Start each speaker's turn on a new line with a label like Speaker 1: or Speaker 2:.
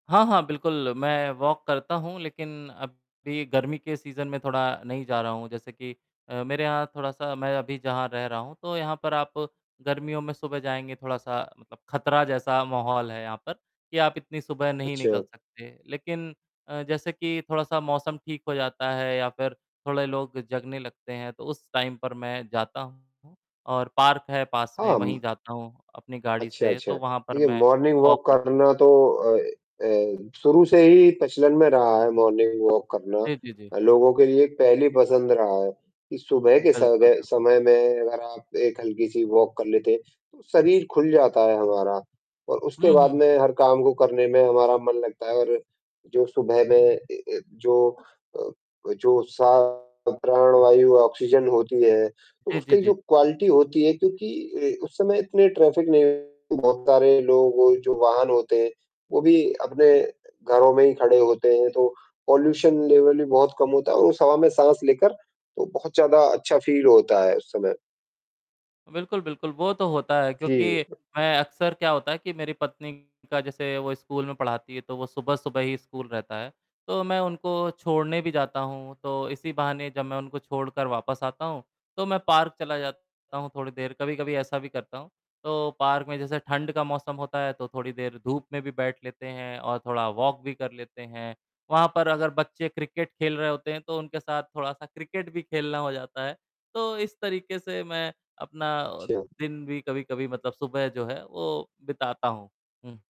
Speaker 1: हाँ, हाँ, बिल्कुल, मैं वॉक करता हूँ, लेकिन अब भी गर्मी के सीज़न में थोड़ा नहीं जा रहा हूँ जैसे कि अ, मेरे यहाँ थोड़ा-सा मैं अभी जहाँ रह रहा हूँ तो यहाँ पर आप गर्मियों में सुबह जाएँगे थोड़ा-सा मतलब खतरा जैसा माहौल है यहाँ पर, कि आप इतनी सुबह नहीं निकल
Speaker 2: अच्छा।
Speaker 1: सकते, लेकिन अ, जैसे कि थोड़ा-सा मौसम ठीक हो जाता है या फिर थोड़े लोग जगने लगते हैं तो उस टाइम पर मैं जाता हूँ। और पार्क है पास में
Speaker 2: हाँ,
Speaker 1: वहीं
Speaker 2: म
Speaker 1: जाता हूँ, अपनी गाड़ी
Speaker 2: अच्छा,
Speaker 1: से
Speaker 2: अच्छा,
Speaker 1: तो वहाँ पर
Speaker 2: देखिए
Speaker 1: मैं
Speaker 2: मॉर्निंग
Speaker 1: वॉक
Speaker 2: वॉक
Speaker 1: करता हूँ।
Speaker 2: करना तो अ अ, शुरू से ही प्रचलन में रहा है मॉर्निंग वॉक करना।
Speaker 1: जी, जी, जी।
Speaker 2: लोगों के लिए एक पहली पसंद रहा है, कि सुबह
Speaker 1: हुँ,
Speaker 2: के सग
Speaker 1: बिल्कुल,
Speaker 2: अ,
Speaker 1: बिल्कुल।
Speaker 2: समय में अगर आप एक हल्की-सी वॉक कर लेते हैं, तो शरीर खुल जाता है हमारा और उसके
Speaker 1: हुँ, हुँ,
Speaker 2: बाद
Speaker 1: हुँ।
Speaker 2: में हर काम को करने में हमारा मन लगता है और जो सुबह में अ अ, जो अ, वो जो सा प्राण वायु ऑक्सीजन होती है,
Speaker 1: जी, जी,
Speaker 2: उसकी
Speaker 1: जी,
Speaker 2: जो
Speaker 1: जी।
Speaker 2: क्वालिटी होती है क्योंकि अ, उस समय इतने ट्रैफिक नहीं बहुत सारे लोगों के जो वाहन होते हैं, वो भी अपने घरों में ही खड़े होते हैं तो पॉल्यूशन लेवल भी बहुत कम होता है और उस हवा में साँस लेकर, तो बहुत ज़्यादा अच्छा फ़ील होता है उस समय।
Speaker 1: बिल्कुल, बिल्कुल, वो तो होता है
Speaker 2: जी। अ
Speaker 1: क्योंकि मैं अक्सर क्या होता है कि मेरी पत्नी का जैसे वो स्कूल में पढ़ाती है, तो वो सुबह-सुबह ही स्कूल रहता है, तो मैं उनको छोड़ने भी जाता हूँ, तो इसी बहाने जब मैं उनको छोड़कर वापस आता हूँ, तो मैं पार्क चला जाता हूँ थोड़ी देर कभी-कभी ऐसा भी करता हूँ। तो पार्क में जैसे ठंड का मौसम होता है तो थोड़ी देर धूप में भी बैठ लेते हैं और थोड़ा वॉक भी कर लेते हैं। वहाँ पर अगर बच्चे क्रिकेट खेल रहे होते हैं तो उनके साथ थोड़ा-सा क्रिकेट भी खेलना हो जाता है। तो इस तरीके से मैं अपना
Speaker 2: अच्छा।
Speaker 1: दिन भी कभी-कभी मतलब सुबह जो है वो बिताता हूँ। हुँ।